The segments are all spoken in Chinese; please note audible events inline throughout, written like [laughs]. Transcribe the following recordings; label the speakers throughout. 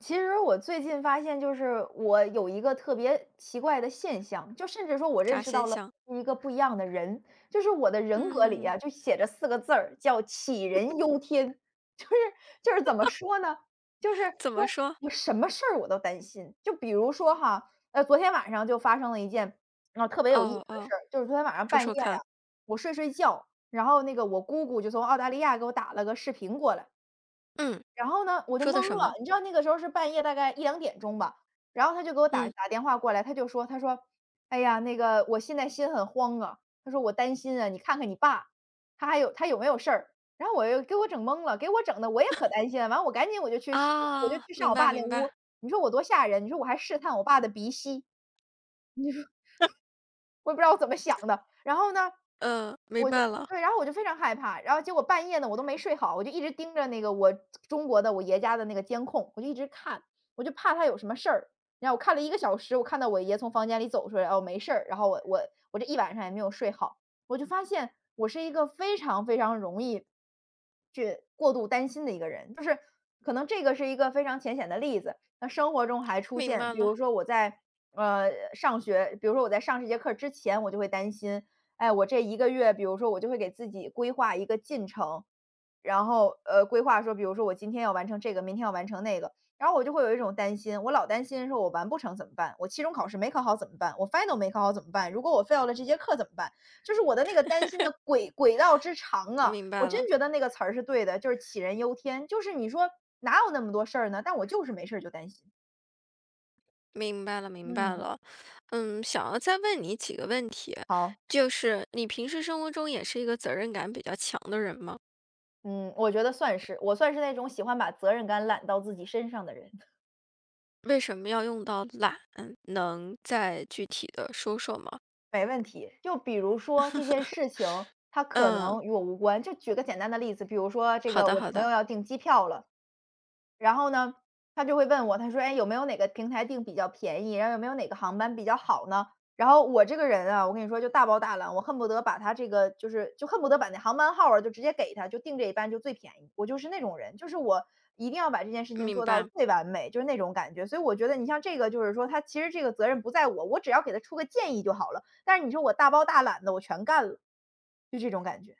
Speaker 1: 其实我最近发现就是，我有一个特别奇怪的现象，就甚至说我认
Speaker 2: 啥
Speaker 1: 识
Speaker 2: 现
Speaker 1: 到了
Speaker 2: 象？
Speaker 1: 我是一个不一样的人。就是我的人格里
Speaker 2: 嗯。
Speaker 1: 呀，就写着4个字儿，叫“杞
Speaker 2: [laughs]
Speaker 1: 人忧天”。就是就是怎么
Speaker 2: [laughs]
Speaker 1: 说呢，就是，
Speaker 2: 怎
Speaker 1: 说，
Speaker 2: 么说？
Speaker 1: 我什么事儿我都担心，就比如说哈，呃，昨天晚上就发生了一件，呃，特别有意思
Speaker 2: 哦
Speaker 1: 的
Speaker 2: 哦，
Speaker 1: 事儿，就是昨天晚上
Speaker 2: 说
Speaker 1: 半夜
Speaker 2: 说
Speaker 1: 啊，
Speaker 2: 看。
Speaker 1: 我睡睡觉，然后那个我姑姑就从澳大利亚给我打了个视频过来。
Speaker 2: 嗯，
Speaker 1: 然后呢，我就
Speaker 2: 说的
Speaker 1: 蒙
Speaker 2: 什
Speaker 1: 了，
Speaker 2: 么？
Speaker 1: 你知道那个时候是半夜大概1:00-2:00吧，然后她就给我打
Speaker 2: 嗯。
Speaker 1: 打电话过来，她就说她说：“哎呀，那个我现在心很慌啊“，她说：”我担心啊，你看看你爸，他还有他有没有事儿？“然后，我又给我整懵了，给我整得我也可
Speaker 2: [laughs]
Speaker 1: 担心了，完了我赶紧我就去上我就
Speaker 2: 哦，
Speaker 1: 去上
Speaker 2: 明
Speaker 1: 我
Speaker 2: 白
Speaker 1: 爸那
Speaker 2: 明
Speaker 1: 屋，
Speaker 2: 白。
Speaker 1: 你说我多吓人，你说我还试探我爸的鼻息。你说 [chuckles]
Speaker 2: [laughs]
Speaker 1: 我也不知道我怎么想的。然后呢，
Speaker 2: 呃，明
Speaker 1: 我就
Speaker 2: 白了。
Speaker 1: 对，然后我就非常害怕，然后结果半夜呢，我都没睡好，我就一直盯着那个我中国的我爷家的那个监控，我就一直看，我就怕他有什么事儿。然后我看了1个小时，我看到我爷从房间里走出来，哦，没事儿，然后我我我这一晚上也没有睡好。我就发现，我是一个非常非常容易去过度担心的一个人。就是，可能这个是一个非常浅显的例子，那生活中还出
Speaker 2: 明
Speaker 1: 现
Speaker 2: 白
Speaker 1: 比
Speaker 2: 了。
Speaker 1: 如说我在，呃，上学比如说我在上这节课之前，我就会担心，哎，我这1个月比如说我就会给自己规划一个进程，然后，呃，规划说比如说我今天要完成这个，明天要完成那个。然后我就会有一种担心，我老担心说我完不成怎么办？我期中考试没考好怎么办？我 final 没考好怎么办？如果我 fail 了这节课怎么办？就是我的那个担心
Speaker 2: [laughs]
Speaker 1: 的轨轨道之长啊，
Speaker 2: 明
Speaker 1: 我
Speaker 2: 白
Speaker 1: 真
Speaker 2: 了。
Speaker 1: 觉得那个词儿是对的，就是“杞人忧天”，就是你说，哪有那么多事儿呢，但我就是没事儿就担心。
Speaker 2: 明白了明白
Speaker 1: 嗯。
Speaker 2: 了。嗯，想要再问你几个问题，
Speaker 1: 好。
Speaker 2: 就是，你平时生活中也是一个责任感比较强的人吗？
Speaker 1: 嗯，我觉得算是，我算是那种喜欢把责任感揽到自己身上的人。[chuckles]
Speaker 2: 为什么要用到“懒”，能再具体地说说吗？
Speaker 1: 没问题。就比如说这件事情，
Speaker 2: [laughs]
Speaker 1: 它可
Speaker 2: 嗯。
Speaker 1: 能与我无关，就举个简单的例子，比如说这
Speaker 2: 好
Speaker 1: 个
Speaker 2: 的
Speaker 1: 我
Speaker 2: 好
Speaker 1: 朋
Speaker 2: 的。
Speaker 1: 友要订机票了。然后呢，他就会问我，他说：“哎，有没有哪个平台定比较便宜，然后有没有哪个航班比较好呢？”然后我这个人啊，我跟你说就大包大揽，我恨不得把它这个，就是，就恨不得把那航班号儿啊，就直接给他，就定这一班就最便宜，我就是那种人，就是我一定要把这件事情
Speaker 2: 明
Speaker 1: 做到
Speaker 2: 白。
Speaker 1: 最完美，就是那种感觉。所以我觉得你像这个就是说，它其实这个责任不在我，我只要给他出个建议就好了，但是你说我大包大揽地我全干了。就这种感觉。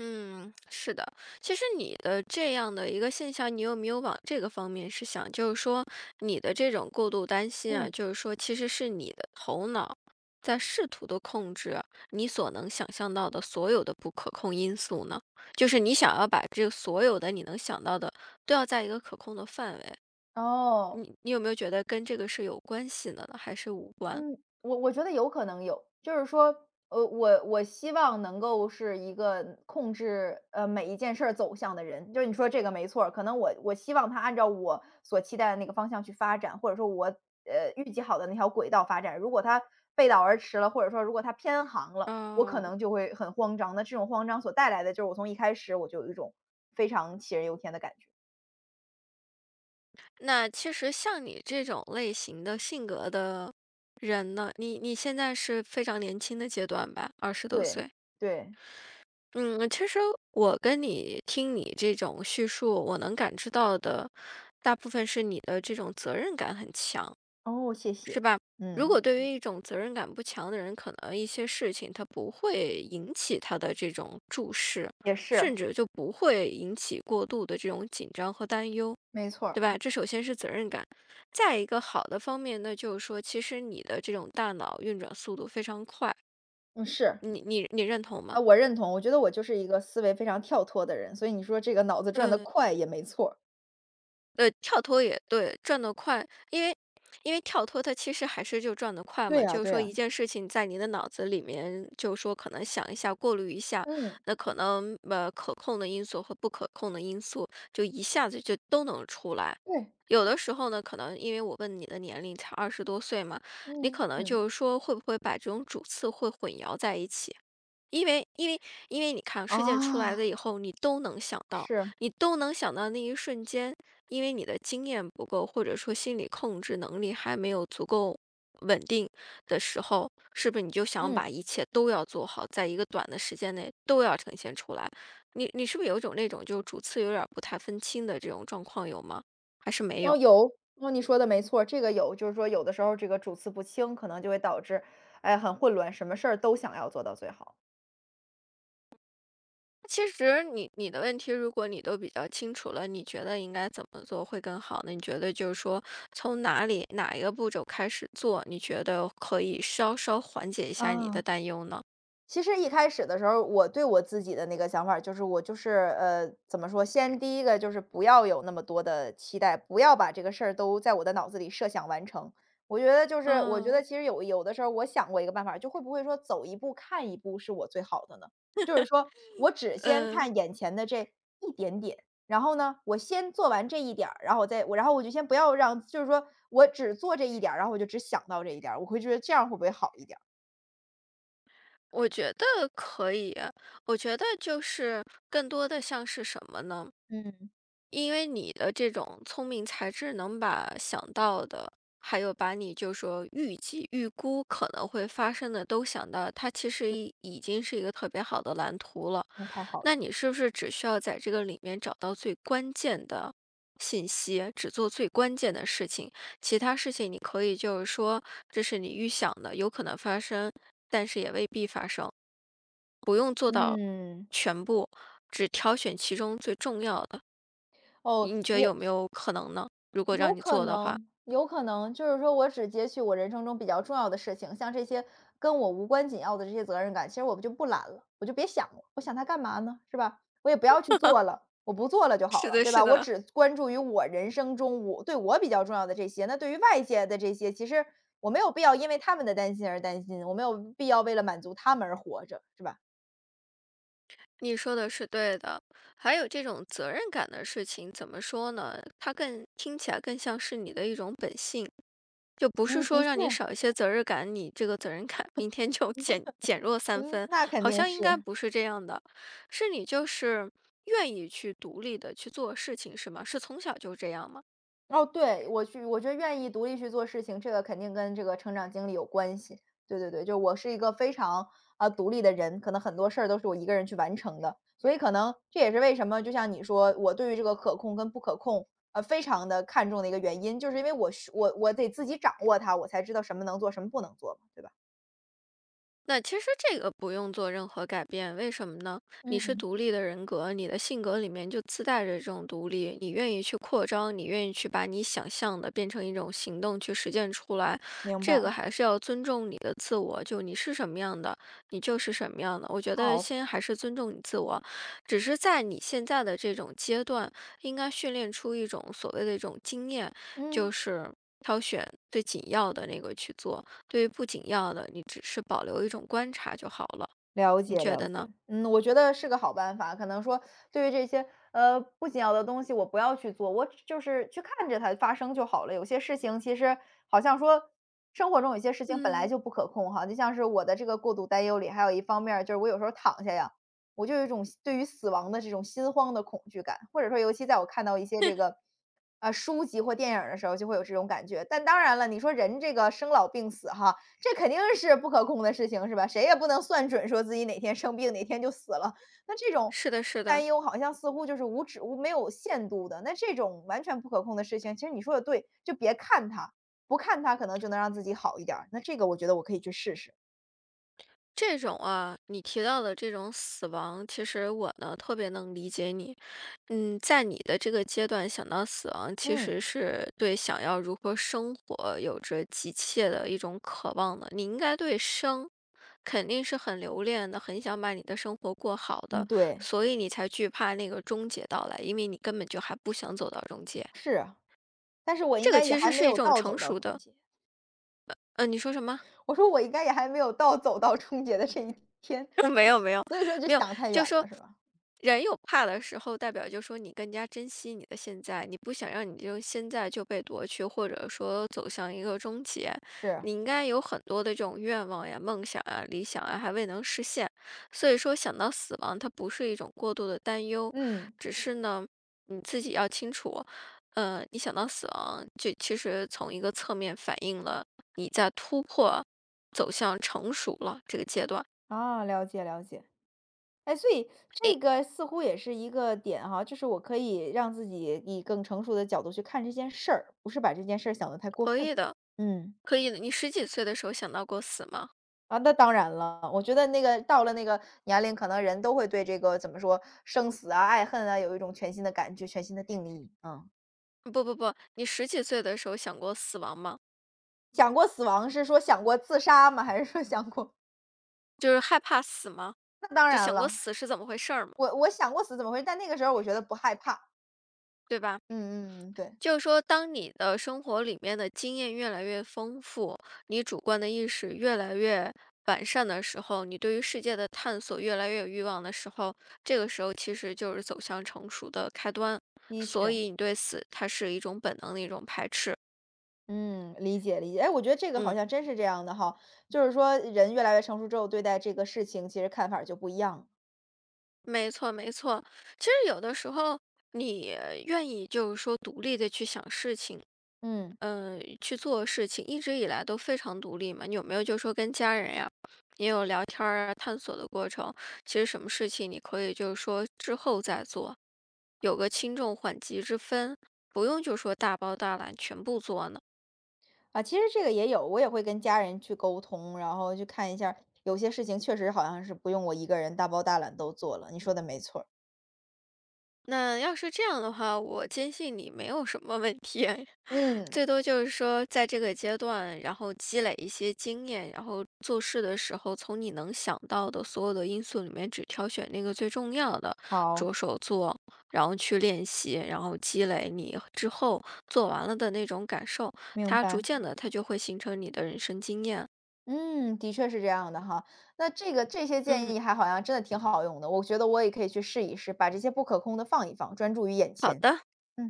Speaker 2: 嗯，是的。其实你的这样的一个现象，你有没有往这个方面去想，就是说，你的这种过度担心啊，
Speaker 1: 嗯。
Speaker 2: 就是说其实是你的头脑，在试图地控制，你所能想象到的所有的不可控因素呢？就是你想要把这所有的你能想到的，都要在一个可控的范围。
Speaker 1: 哦。
Speaker 2: 你你有没有觉得，跟这个是有关系的呢，还是无关。
Speaker 1: 嗯，我我觉得有可能有，就是说，呃，我我希望能够是一个控制，呃，每一件事儿走向的人，就是你说这个没错儿。可能我我希望它按照我所期待的那个方向去发展。或者说我呃，预计好的那条轨道发展，如果它背道而驰了，或者说如果它偏航了，我可
Speaker 2: 哦。
Speaker 1: 能就会很慌张，那这种慌张所带来的就是，我从一开始，我就有一种非常杞人忧天的感觉。
Speaker 2: 那其实像你这种类型的性格的人呢你你现在是非常年轻的阶段吧，20多
Speaker 1: 对
Speaker 2: 岁？
Speaker 1: 对。
Speaker 2: 嗯，其实我跟你听你这种叙述，我能感知到的，大部分是你的这种责任感很强，是吧？
Speaker 1: 哦，谢谢，
Speaker 2: 如
Speaker 1: 嗯。
Speaker 2: 果对于一种责任感不强的人，可能一些事情它不会引起他的这种注视，
Speaker 1: 也
Speaker 2: 甚
Speaker 1: 是。
Speaker 2: 至就不会引起过度的这种紧张和担忧，
Speaker 1: 没错
Speaker 2: 对
Speaker 1: 儿。
Speaker 2: 吧？这首先是责任感。再一个好的方面，那就是说，其实你的这种大脑运转速度非常快。
Speaker 1: 嗯，是。
Speaker 2: 你你你认同
Speaker 1: 啊，
Speaker 2: 吗？
Speaker 1: 我认同，我觉得我就是一个思维非常跳脱的人，所以你说这个脑子转得
Speaker 2: 嗯。
Speaker 1: 快也没错儿。
Speaker 2: 呃，跳脱也对，转得快。因为因为跳脱它其实还是就转得快
Speaker 1: 对
Speaker 2: 嘛，
Speaker 1: 啊
Speaker 2: 就是
Speaker 1: 对
Speaker 2: 说一
Speaker 1: 啊。
Speaker 2: 件事情在你的脑子里面，就说可能想一下，过滤一下，
Speaker 1: 嗯。
Speaker 2: 那可能，呃，可控的因素和不可控的因素，就一下子就都能出来。
Speaker 1: 对。
Speaker 2: 有的时候呢，可能因为我问你的年龄才20多岁嘛，你可
Speaker 1: 嗯
Speaker 2: 能
Speaker 1: 嗯。
Speaker 2: 就是说会不会把这种主次会混淆在一起。因为因为因为你看事件出来了
Speaker 1: 哦。
Speaker 2: 以后，你都能想到
Speaker 1: 是。
Speaker 2: 你都能想到那一瞬间，因为你的经验不够，或者说心理控制能力还没有足够稳定的时候，是不是你就想把
Speaker 1: 嗯。
Speaker 2: 一切都要做好，在一个短的时间内都要呈现出来，你你是不是有一种那种就主次有点儿不太分清的这种状况，有吗？还是没有？
Speaker 1: 哦，有，哦，你说的没错儿。这个有，就是说有的时候儿这个主次不清，可能就会导致，哎，很混乱，什么事儿都想要做到最好。
Speaker 2: 其实，你你的问题如果你都比较清楚了，你觉得应该怎么做会更好呢？你觉得就是说，从哪里哪一个步骤开始做，你觉得可以稍稍缓解一下你的
Speaker 1: 啊。
Speaker 2: 担忧呢？
Speaker 1: 其实一开始的时候儿，我对我自己的那个想法儿就是我就是，呃，怎么说，先第一个就是不要有那么多的期待，不要把这个事儿都在我的脑子里设想完成。我觉得就是我觉得
Speaker 2: 嗯。
Speaker 1: 其实有有的时候儿我想过一个办法，就会不会说，走一步看一步是我最好的呢？
Speaker 2: [laughs]
Speaker 1: 就是说，我只先
Speaker 2: 嗯。
Speaker 1: 看眼前的这一点点，然后呢，我先做完这一点儿，然后再然后我就先不要让就是说我只做这一点儿，然后我就只想到这一点儿，我会觉得这样会不会好一点儿？
Speaker 2: 我觉得可以呀，我觉得就是更多的像是什么呢？
Speaker 1: 嗯。
Speaker 2: 因为你的这种聪明才智能把想到的，还有把你就说预计预估可能会发生的都想到，它其实
Speaker 1: 对。
Speaker 2: 已已经是一个特别好的蓝图了。
Speaker 1: 那太好了。
Speaker 2: 那你是不是只需要在这个里面找到最关键的信息，只做最关键的事情，其他事情你可以就是说，这是你预想的，有可能发生但是也未必发生。不用做到
Speaker 1: 嗯。
Speaker 2: 全部，只挑选其中最重要的。
Speaker 1: 哦，
Speaker 2: 以你觉得
Speaker 1: 也
Speaker 2: 有没有可能呢？如
Speaker 1: 嗯，
Speaker 2: 果
Speaker 1: 有
Speaker 2: 让你
Speaker 1: 可
Speaker 2: 做的话。
Speaker 1: 能有可能，就是说，我只截取我人生中比较重要的事情，像这些跟我无关紧要的这些责任感，其实我就不揽了，我就别想了，我想它干嘛呢，是吧？我也不要去
Speaker 2: [laughs]
Speaker 1: 做了，我不做了就好
Speaker 2: 是
Speaker 1: 了，
Speaker 2: 的
Speaker 1: 对
Speaker 2: 是
Speaker 1: 吧？我
Speaker 2: 的。
Speaker 1: 只关注于我人生中我对我比较重要的这些，那对于外界的这些，其实我没有必要因为他们的担心而担心，我没有必要为了满足他们而活着，是吧？
Speaker 2: 你说的是对的，还有这种责任感的事情，怎么说呢？它更听起来更像是你的一种本性，就不是
Speaker 1: 嗯，的
Speaker 2: 说让你
Speaker 1: 确，
Speaker 2: 少一些责任感，你这个责任感明天就减减弱
Speaker 1: [laughs]
Speaker 2: 三
Speaker 1: 嗯，
Speaker 2: 分，
Speaker 1: 那肯
Speaker 2: 好
Speaker 1: 定
Speaker 2: 像应该
Speaker 1: 是。
Speaker 2: 不是这样的，是你就是，愿意去独立地去做事情是吗？是从小就这样吗？
Speaker 1: 哦，对，我去我就愿意独立去做事情，这个肯定跟这个成长经历有关系。对对对，就我是一个非常，呃，独立的人，可能很多事儿都是我一个人去完成的，所以可能，这也是为什么，就像你说，我对于这个可控跟不可控，呃，非常地看重的一个原因，就是因为我是我我得自己掌握它，我才知道什么能做什么不能做，对吧？
Speaker 2: 那其实这个不用做任何改变，为什么呢？你是
Speaker 1: 嗯。
Speaker 2: 独立的人格，你的性格里面就自带着这种独立。你愿意去扩张，你愿意去把你想象的变成一种行动去实践出来。
Speaker 1: 明白。
Speaker 2: 这个还是要尊重你的自我，就你是什么样的，你就是什么样的。我觉得
Speaker 1: 好。
Speaker 2: 先还是尊重你自我。只是在你现在的这种阶段，应该训练出一种所谓的一种经验。
Speaker 1: 嗯。
Speaker 2: 就是挑选最紧要的那个去做，对于不紧要的，你只是保留一种观察就好了，
Speaker 1: 了
Speaker 2: 你
Speaker 1: 解
Speaker 2: 觉
Speaker 1: 了
Speaker 2: 得呢？
Speaker 1: 解，嗯。我觉得是个好办法，可能说，对于这些，呃，不紧要的东西我不要去做，我就是去看着它发生就好了。有些事情其实好像说，生活中有些事情本来
Speaker 2: 嗯。
Speaker 1: 就不可控哈，就像是我的这个过度担忧里还有一方面儿，就是我有时候躺下呀，我就有一种死对于死亡的这种心慌的恐惧感，或者说尤其在我看到一些这
Speaker 2: [laughs]
Speaker 1: 个，呃，书籍或电影儿的时候，就会有这种感觉。但当然了，你说人这个生老病死哈，这肯定是不可控的事情是吧？谁也不能算准说自己哪天生病哪天就死了。那这种
Speaker 2: 是的是的。
Speaker 1: 担忧好像似乎就是无止无没有限度的。那这种完全不可控的事情，其实你说得对，就别看它，不看它可能就能让自己好一点儿，那这个我觉得我可以去试试。
Speaker 2: 这种啊你提到的这种死亡，其实我呢，特别能理解你。嗯，在你的这个阶段想到死亡，其
Speaker 1: 嗯。
Speaker 2: 实是对想要如何生活有着急切的一种渴望的。你应该对生，肯定是很留恋的，很想把你的生活过好
Speaker 1: 嗯
Speaker 2: 的。
Speaker 1: 对。
Speaker 2: 所以你才惧怕那个终结到来，因为你根本就还不想走到终结。
Speaker 1: 是啊，但是我应
Speaker 2: 这个
Speaker 1: 该也
Speaker 2: 其
Speaker 1: 还
Speaker 2: 实
Speaker 1: 没
Speaker 2: 是一
Speaker 1: 有
Speaker 2: 种
Speaker 1: 到
Speaker 2: 成
Speaker 1: 走到
Speaker 2: 熟
Speaker 1: 终
Speaker 2: 的
Speaker 1: 结。
Speaker 2: 呃呃，你说什么？
Speaker 1: 我说我应该也还没有到走到终结的这一天，
Speaker 2: 没有没有。
Speaker 1: 所以说就
Speaker 2: 没有，
Speaker 1: 想太远
Speaker 2: 就说，
Speaker 1: 了是吧？
Speaker 2: 人有怕的时候，代表就说你更加珍惜你的现在。你不想让你这个现在就被夺去，或者说走向一个终结。
Speaker 1: 是。
Speaker 2: 你应该有很多的这种愿望呀，梦想啊，理想啊，还未能实现。所以说想到死亡，它不是一种过度的担忧，
Speaker 1: 嗯。
Speaker 2: 只是呢，你自己要清楚，呃，你想到死亡，就其实从一个侧面反映了你在突破走向成熟了这个阶段。
Speaker 1: 啊，了解了解。哎，所以，
Speaker 2: 哎
Speaker 1: 这个似乎也是一个点哈，就是我可以让自己以更成熟的角度去看这件事儿，不是把这件事儿想得太过
Speaker 2: 可
Speaker 1: 分，
Speaker 2: 以的
Speaker 1: 嗯。
Speaker 2: 可以的，你十几岁的时候想到过死吗？
Speaker 1: 啊，那当然了，我觉得那个到了那个年龄，可能人都会对这个，怎么说？生死啊，爱恨啊，有一种全新的感觉全新的定义，嗯。
Speaker 2: 不不不，你十几岁的时候想过死亡吗？
Speaker 1: 想过死亡是说想过自杀吗？还是说想过
Speaker 2: 就是害怕死吗？
Speaker 1: 那当
Speaker 2: 就
Speaker 1: 然
Speaker 2: 想过
Speaker 1: 了。
Speaker 2: 死是怎么回事儿吗？
Speaker 1: 我我想过死怎么回但那个时候儿我觉得不害怕。
Speaker 2: 对吧？
Speaker 1: 嗯嗯嗯，对。
Speaker 2: 就说当你的生活里面的经验越来越丰富，你主观的意识越来越完善的时候，你对于世界的探索越来越有欲望的时候，这个时候其实就是走向成熟的开端。
Speaker 1: 的
Speaker 2: 所
Speaker 1: 确。
Speaker 2: 以你对死，它是一种本能的一种排斥。
Speaker 1: 嗯，理解理解。哎，我觉得这个好
Speaker 2: 嗯。
Speaker 1: 像真是这样的哈，就是说人越来越成熟之后，对待这个事情其实看法儿就不一样。
Speaker 2: 没错没错。其实有的时候，你，愿意就是说独立地去想事情
Speaker 1: 嗯。
Speaker 2: 呃，去做事情，一直以来都非常独立嘛。你有没有就说跟家人呀，也有聊天儿啊，探索的过程？其实什么事情你可以就是说之后再做，有个轻重缓急之分，不用就说大包大揽全部做呢？
Speaker 1: 啊，其实这个也有，我也会跟家人去沟通，然后去看一下儿有些事情确实好像是不用我一个人大包大揽都做了，你说的没错儿。
Speaker 2: 那，要是这样的话，我坚信你没有什么问题。[chuckles]
Speaker 1: 嗯。
Speaker 2: 最多就是说在这个阶段，然后积累一些经验，然后做事的时候，从你能想到的所有的因素里面，只挑选那个最重要的，
Speaker 1: 好。
Speaker 2: 着手做。然后去练习，然后积累你之后，做完了的那种感受，
Speaker 1: 明
Speaker 2: 它逐
Speaker 1: 白。
Speaker 2: 渐地它就会形成你的人生经验。
Speaker 1: 嗯，的确是这样的哈。那这个这些建
Speaker 2: 嗯。
Speaker 1: 议还好像真的挺好用的。我觉得我也可以去试一试，把这些不可控的放一放，专注于眼
Speaker 2: 好
Speaker 1: 前。
Speaker 2: 的。
Speaker 1: 嗯。